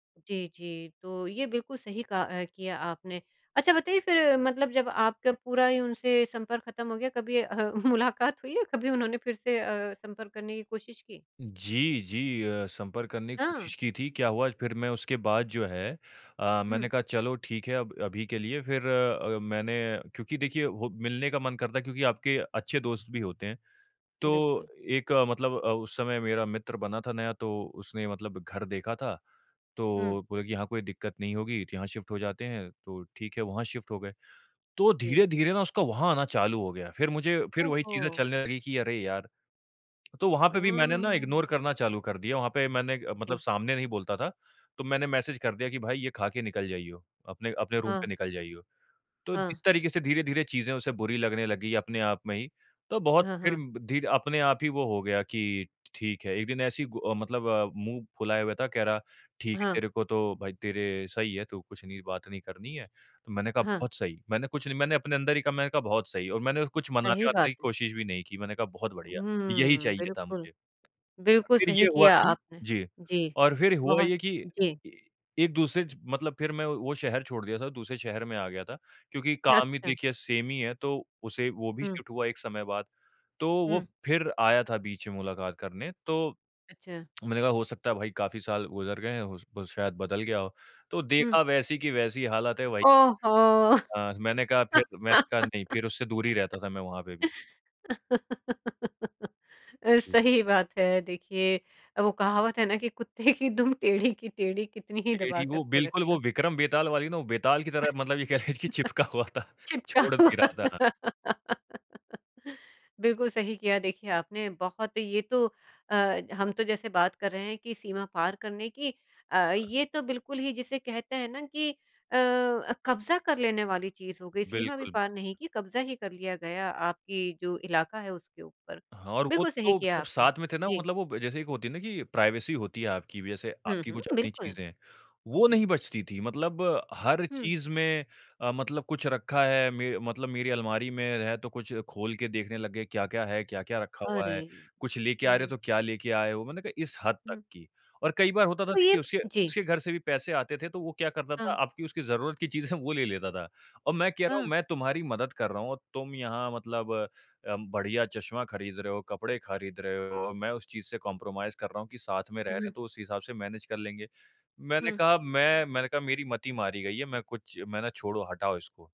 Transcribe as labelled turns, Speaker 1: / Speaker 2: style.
Speaker 1: जी, जी। तो ये बिल्कुल सही कहा अ, किया आपने। अच्छा बताइए फ़िर मतलब जब आपका पूरा ही उनसे संपर्क ख़त्म हो गया कभी अ, मुलाकात हुई है कभी उन्होंने फ़िर से अ, संपर्क करने की कोशिश की?
Speaker 2: जी, जी अ, संपर्क करने की
Speaker 1: हाँ।
Speaker 2: कोशिश की थी क्या हुआ फ़िर मैं उसके बाद जो है अ,
Speaker 1: हुँ।
Speaker 2: मैंने कहा चलो ठीक है अब अभी के लिए फ़िर अ, मैंने क्योंकि देखिए हो मिलने का मन करता है क्योंकि आपके अच्छे दोस्त भी होते हैं। तो
Speaker 1: बिल्कुल।
Speaker 2: एक मतलब अ, उस समय मेरा मित्र बना था नया तो उसने मतलब घर देखा था
Speaker 1: हुँ।
Speaker 2: तो बोले कि यहाँ कोई दिक़्क़त नहीं होगी तो यहाँ शिफ़्ट हो जाते हैं तो ठीक है वहाँ शिफ़्ट हो गए। तो
Speaker 1: जी।
Speaker 2: धीरे-धीरे ना उसका वहाँ आना चालू हो गया फ़िर मुझे फ़िर
Speaker 1: ओह
Speaker 2: वही चीज़ें
Speaker 1: हो।
Speaker 2: चलने लगी कि अरे यार! तो वहाँ पे भी मैंने ना
Speaker 1: आँ।
Speaker 2: इग्नोर करना चालू कर दिया वहाँ पे मैंने मतलब
Speaker 1: [unintelligible]
Speaker 2: सामने नहीं बोलता था तो मैंने मैसेज कर दिया कि भाई ये ख़ा के निकल जाइयो। अपने अपने रूम पे
Speaker 1: हाँ।
Speaker 2: निकल जाइयो। तो
Speaker 1: हाँ।
Speaker 2: इस तरीक़े से धीरे-धीरे चीजें उसे बुरी लगने लगी अपने आप में ही तो बहुत
Speaker 1: हाँ,
Speaker 2: फ़िर
Speaker 1: हाँ।
Speaker 2: धीरे अपने आप ही वो हो गया कि ठीक है एक दिन ऐसे ही गु मतलब अ, मुँह फुलाए हुआ था कह रहा ठीक है
Speaker 1: हाँ।
Speaker 2: तेरे को तो भाई तेरे सही है तू कुछ नहीं बात नहीं करनी है तो मैंने कहा
Speaker 1: हाँ।
Speaker 2: बहुत सही। मैंने कुछ नहीं मैंने अपने अंदर ही कहा मैंने कहा बहुत सही और मैंने कुछ
Speaker 1: सही
Speaker 2: मनाने-वनाने
Speaker 1: बात
Speaker 2: की
Speaker 1: है।
Speaker 2: कोशिश भी नहीं की मैंने कहा बहुत बढिया, यही
Speaker 1: हम्म,
Speaker 2: चाहिए था
Speaker 1: बिल्कुल।
Speaker 2: मुझे।
Speaker 1: बिल्कुल
Speaker 2: फ़िर ये
Speaker 1: सही
Speaker 2: हुआ
Speaker 1: किया
Speaker 2: कि
Speaker 1: आपने।
Speaker 2: जी
Speaker 1: जी,
Speaker 2: और फ़िर हुआ
Speaker 1: बहुत
Speaker 2: ये कि
Speaker 1: जी।
Speaker 2: ई एक-दूसरे ज मतलब फ़िर मैं वो शहर छोड़ दिया था दूसरे शहर में आ गया था क्योंकि काम ही
Speaker 1: अच्छा।
Speaker 2: देखिए सेम ही है तो उसे वो भी
Speaker 1: हुँ।
Speaker 2: शिफ़्ट हुआ एक समय बाद तो वो
Speaker 1: हुँ।
Speaker 2: फ़िर आया था बीच में मुलाकात करने तो,
Speaker 1: अच्छा।
Speaker 2: मैंने कहा हो सकता है भाई काफ़ी साल गुज़र गए हैं हो स वो शायद बदल गया हो तो
Speaker 1: हुँ।
Speaker 2: देखा वैसी की वैसी हालत है भाई।
Speaker 1: ओह हो!
Speaker 2: हाँ मैंने कहा फ़िर मैंने कहा नहीं। फ़िर उससे दूर ही रहता था मैं वहाँ पे भी।
Speaker 1: अ,
Speaker 2: हुँ।
Speaker 1: सही बात है। देखिए अ, वो कहावत है ना कि कुत्ते की दुम टेढ़ी की टेढ़ी कितनी ही दबा
Speaker 2: ग्रीडी
Speaker 1: कर
Speaker 2: वो
Speaker 1: के रख
Speaker 2: बिल्कुल वो
Speaker 1: लो।
Speaker 2: विक्रम बेताल वाली ना वो बेताल की तरह मतलब ये कह लीजिए कि चिपका हुआ था
Speaker 1: चिपका
Speaker 2: छोड़ नहीं
Speaker 1: हुआ
Speaker 2: रहा था हाँ।
Speaker 1: बिल्कुल सही किया देखिए आपने। बहुत ये तो अ, हम तो जैसे बात कर रहे हैं कि सीमा पार करने की अ,
Speaker 2: हाँ।
Speaker 1: ये तो बिल्कुल ही जिसे कहते हैं ना कि अ, कब्ज़ा कर लेने वाली चीज़ हो गई सीमा भी
Speaker 2: बिल्कुल, बिल्कुल।
Speaker 1: पार नहीं की कब्ज़ा ही कर लिया गया आपकी जो इलाका है उसके ऊपर।
Speaker 2: हाँ, और वो
Speaker 1: बिल्कुल सही
Speaker 2: तो
Speaker 1: किया
Speaker 2: जब
Speaker 1: आपने
Speaker 2: साथ में थे ना
Speaker 1: जी।
Speaker 2: मतलब वो जैसे एक होती है ना कि प्राइवेसी होती है आपकी भी, जैसे
Speaker 1: हुँ,
Speaker 2: आपकी
Speaker 1: हुँ
Speaker 2: कुछ अपनी
Speaker 1: बिल्कुल।
Speaker 2: चीज़ें हैं वो
Speaker 1: जी।
Speaker 2: नहीं बचती थी। मतलब हर
Speaker 1: हुँ।
Speaker 2: चीज़ में अ, मतलब कुछ रखा है मे मतलब मेरी अलमारी में है तो कुछ खोल के देखने लग गए क्या-क्या है, क्या-क्या रखा हुआ है।
Speaker 1: अरे,
Speaker 2: कुछ लेके आ रहे हो
Speaker 1: हुँ।
Speaker 2: तो क्या लेके आए हो मैंने कहा इस हद तक
Speaker 1: हुँ।
Speaker 2: की और कई बार होता था
Speaker 1: तो ये
Speaker 2: उसके
Speaker 1: जी।
Speaker 2: उसके घर से भी पैसे आते थे तो वो क्या करता था,
Speaker 1: हाँ।
Speaker 2: आपकी उसकी ज़रूरत की चीज़ें वो ले लेता था। औ मैं कह रहा हूँ
Speaker 1: हाँ।
Speaker 2: मैं तुम्हारी मदद कर रहा हूँ, तुम यहाँ मतलब अ, बढ़िया चश्मा ख़रीद रहे हो कपड़े ख़रीद रहे हो और मैं उस चीज़ से कॉम्प्रोमाइज़ कर रहा हूँ कि साथ में रह रहे
Speaker 1: उहुँ।
Speaker 2: हैं तो उस हिसाब से मैनेज कर लेंगे। मैंने
Speaker 1: हुँ।
Speaker 2: कहा मैं मैंने कहा मेरी मती मारी गई है मैं कुछ मैंने छोड़ो हटाओ इसको।